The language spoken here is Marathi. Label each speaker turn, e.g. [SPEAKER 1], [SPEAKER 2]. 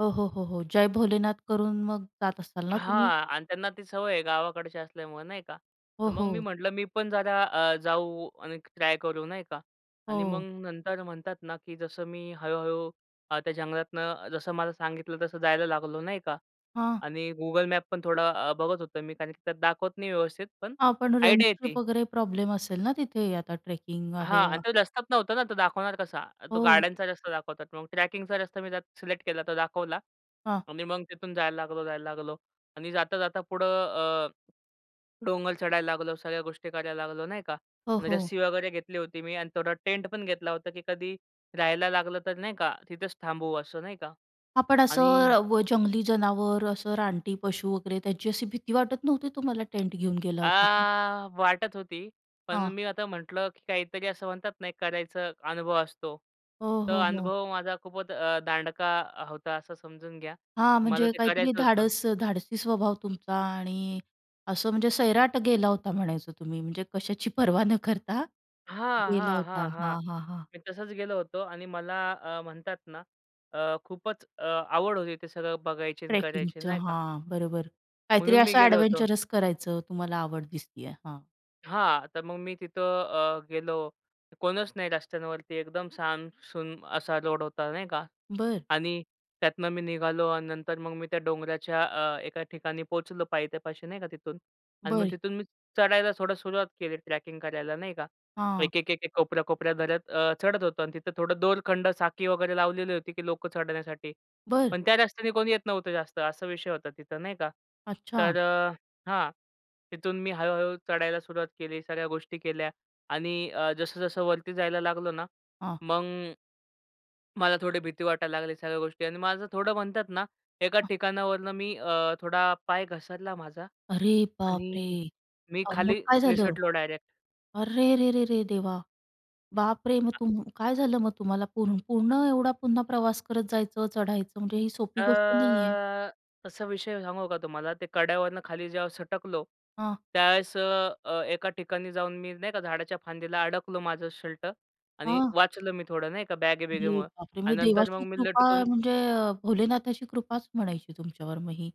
[SPEAKER 1] हो, हो, हो, हो. जय भोलेनाथ. करून मग जात असाल ना तुम्ही?
[SPEAKER 2] हां, आणि त्यांना ती सवय आहे गावाकडची असल्यामुळं नाही का, तर
[SPEAKER 1] हो,
[SPEAKER 2] मग मी
[SPEAKER 1] हो.
[SPEAKER 2] म्हटलं मी पण जरा अ, जाऊ आणि ट्राय करू नाही का आणि मग
[SPEAKER 1] हो.
[SPEAKER 2] नंतर म्हणतात ना, की जसं मी हळू-हळू अ, त्या जंगलातनं जसं मला सांगितलं, तसं जायला लागलो नाही का
[SPEAKER 1] हां.
[SPEAKER 2] आणि Google Map पण थोडा अ, बघत होतो मी कारण की त्यात दाखवत नाही व्यवस्थित, पण
[SPEAKER 1] हां, पण अ, रेंट
[SPEAKER 2] आयडिया
[SPEAKER 1] ट्रिप
[SPEAKER 2] येती.
[SPEAKER 1] वगैरे प्रॉब्लेम असेल ना, तिथे आता ट्रेकिंग आहे?
[SPEAKER 2] हां अन्
[SPEAKER 1] हां.
[SPEAKER 2] तो रस्त्याच नव्हता ना, तो दाखवणार कसा? अ, तो
[SPEAKER 1] हो.
[SPEAKER 2] गाड्यांचा रस्ता दाखवतात. मग ट्रॅकिंगचा रस्ता मी त्यात सिलेक्ट केला तो दाखवला
[SPEAKER 1] हां.
[SPEAKER 2] आणि मग तिथून जायला लागलो, जायला लागलो आणि जाता-जाता पुढं अ, डोंगर चढायला लागलो, सगळ्या गोष्टी करायला लागलो नाही का
[SPEAKER 1] हो,
[SPEAKER 2] आणि
[SPEAKER 1] हो.
[SPEAKER 2] रस्सी वगैरे घेतली होती मी अन् थोडा टेंट पण घेतला होता की कधी राहायला लागलं, तर नाही का तिथेच थांबवू असं नाही का
[SPEAKER 1] हां, पण
[SPEAKER 2] आणि
[SPEAKER 1] असं व जंगली जनावर असं रानटी पशू वगैरे त्यांची अशी भीती वाटत नव्हती तुम्हाला टेंट घेऊन गेला
[SPEAKER 2] अ,
[SPEAKER 1] होता तर.
[SPEAKER 2] वाटत होती, पण
[SPEAKER 1] हां.
[SPEAKER 2] मी आता म्हंटलं की काहीतरी असं म्हणतात ना, एक करायचा अनुभव असतो.
[SPEAKER 1] हो,
[SPEAKER 2] तो
[SPEAKER 1] हो, हो.
[SPEAKER 2] अनुभव माझा खूपच अ, दांडका अ, होता असं समजून घ्या.
[SPEAKER 1] हां,
[SPEAKER 2] मला
[SPEAKER 1] म्हणजे
[SPEAKER 2] ते
[SPEAKER 1] काहीतरी
[SPEAKER 2] करायचं होतं.
[SPEAKER 1] धाडस अ, धाडसी स्वभाव तुमचा आणि असं म्हणजे सैराट गेला होता म्हणायचं तुम्ही, म्हणजे कशाची पर्वा न करता
[SPEAKER 2] हां,
[SPEAKER 1] गेला
[SPEAKER 2] हां,
[SPEAKER 1] होता.
[SPEAKER 2] हां, हां.
[SPEAKER 1] हां, हां, हां.
[SPEAKER 2] मी तसच गेलो होतो आणि मला अ, म्हणतात ना, अ, खूपच अ, आवड होती ते सगळं बघायची अन् करायची
[SPEAKER 1] ट्रेकिंगचं
[SPEAKER 2] नाही का.
[SPEAKER 1] हां, बरोबर. काहीतरी
[SPEAKER 2] म्हणून मी
[SPEAKER 1] असं
[SPEAKER 2] गेलो होतो.
[SPEAKER 1] अ‍ॅडव्हेंचरस करायचं तुम्हाला आवड दिसतीये. हां.
[SPEAKER 2] हां. तर मग मी तिथं अ, गेलो. कोणच नाही रस्त्यांवरती, एकदम साम सुम असा रोड होता नाही का
[SPEAKER 1] बरं.
[SPEAKER 2] आणि त्यातनं मी निघालो अन् नंतर मग मी त्या डोंगराच्या अ, एका ठिकाणी पोहचलो पायथ्यापाशी नाही का तिथून अन् मग
[SPEAKER 1] बरं.
[SPEAKER 2] तिथून मी चढायला थोडं सुरुवात केली ट्रॅकिंग करायला नाही का.
[SPEAKER 1] हां.
[SPEAKER 2] एक-एक, एक-एक कोपऱ्या कोपऱ्या धरत अ, चढत होतो अन् तिथं थोडं दोरखंड, साखळी वगैरे लावलेली होती, की लोकं चढण्यासाठी,
[SPEAKER 1] बरं.
[SPEAKER 2] पण त्या रस्त्याने कोणी येत नव्हतं जास्त असा विषय होता तिथं नाही का,
[SPEAKER 1] अच्छा.
[SPEAKER 2] तर अ, हां, तिथून मी हळू हळू चढायला सुरुवात केली, सगळ्या गोष्टी केल्या आणि अ, जसं-जसं वरती जायला लागलो ना,
[SPEAKER 1] हां.
[SPEAKER 2] मग मला थोडी भीती वाटायला लागली, सगळ्या गोष्टी अन् माझं थोडं म्हणतात ना, एका
[SPEAKER 1] हां.
[SPEAKER 2] ठिकाणावरून मी अ, थोडा पाय घसरला माझा
[SPEAKER 1] अरे बापरे!
[SPEAKER 2] आणि मी
[SPEAKER 1] अ, मग
[SPEAKER 2] खाली
[SPEAKER 1] काय झालं?
[SPEAKER 2] निसटलो डायरेक्ट.
[SPEAKER 1] अरे रे रे रे! देवा, बापरे! मग तुम काय झालं मग तुम्हाला? पूर्ण पूर्ण एवढा पुन्हा प्रवास करत जायचं, चढायचं म्हणजे ही सोपी गोष्ट नाहीये.
[SPEAKER 2] अ, कसा विषय आहे सांगू का तुम्हाला. ते कड्यावरून खाली जेव्हा सटकलो,
[SPEAKER 1] हां.
[SPEAKER 2] त्यावेळेस अ, अ, एका ठिकाणी जाऊन मी नाही का झाडाच्या फांदीला अडकलो माझं शर्ट आणि
[SPEAKER 1] हां.
[SPEAKER 2] वाचलं मी थोडं नाही का,
[SPEAKER 1] अरे
[SPEAKER 2] बॅगे-बिगेमुळं
[SPEAKER 1] बापरे!
[SPEAKER 2] अन्
[SPEAKER 1] म्हणजे
[SPEAKER 2] नंतर मग
[SPEAKER 1] देवाची
[SPEAKER 2] मी
[SPEAKER 1] कृपा
[SPEAKER 2] लटकून
[SPEAKER 1] म्हणजे अ, भोलेनाथाची कृपाच म्हणायची तुमच्यावर मग ही.